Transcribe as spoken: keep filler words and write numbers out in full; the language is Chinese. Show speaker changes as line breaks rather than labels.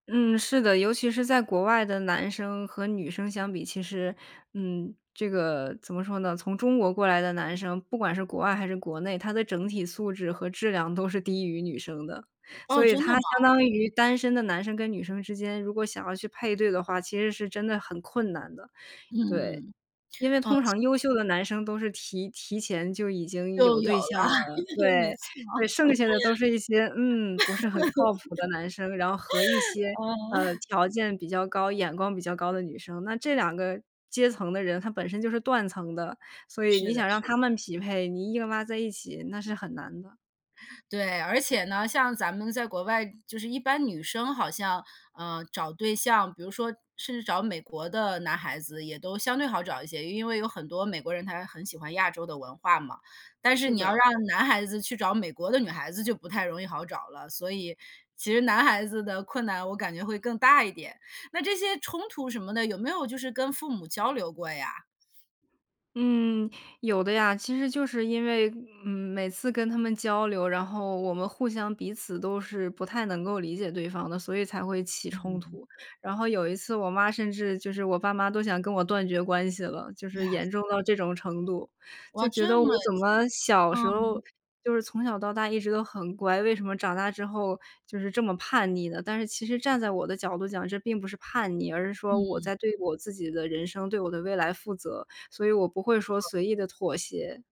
嗯，是的，尤其是在国外的男生，和女生相比，其实嗯，这个怎么说呢，从中国过来的男生，不管是国外还是国内，他的整体素质和质量都是低于女生的。所
哦，
以
真的
他
吗？
相当于单身的男生跟女生之间，如果想要去配对的话，其实是真的很困难的，对。
嗯。
因为
哦，
通
现
常优秀的男生都是提提前就已经
就
有
有
对
了。
象了，
没
对，
错，
对剩下的都是一些嗯，不是很靠谱的男生，然后和一些，呃，
嗯。
条件比较高、眼光比较高的女生，那这两个阶层的人，他本身就是断层的，所以
是
你
的，
想让
是。
他们匹配，你硬拉在一起，那是很难的。
对，而且呢，像咱们在国外就是一般女生好像，呃，找对象，比如说甚至找美国的男孩子，也都相对好找一些，因为有很多美国人他很喜欢亚洲的文化嘛。但是
是
你要
的。
让男孩子去找美国的女孩子，就不太容易好找了。所以，其实男孩子的困难，我感觉会更大一点。那这些冲突什么的，有没有就是跟父母交流过呀？
嗯，有的呀。其实就是因为，嗯，每次跟他们交流，然后，我们互相彼此都是不太能够理解对方的，所以才会起冲
嗯。
突。然后有一次我妈甚至就是我爸妈都想跟我断绝关系了，就是
呀。
严重到这种程度。
哇，
就觉得
这
我
么
怎么小时候
嗯。
就是从小到大一直都很乖，为什么长大之后，就是这么叛逆呢？但是其实站在我的角度讲，这并不是叛逆，而是说我
嗯。
在对我自己的人生，对我的未来负责，所以我不会说
是。
随意地妥协。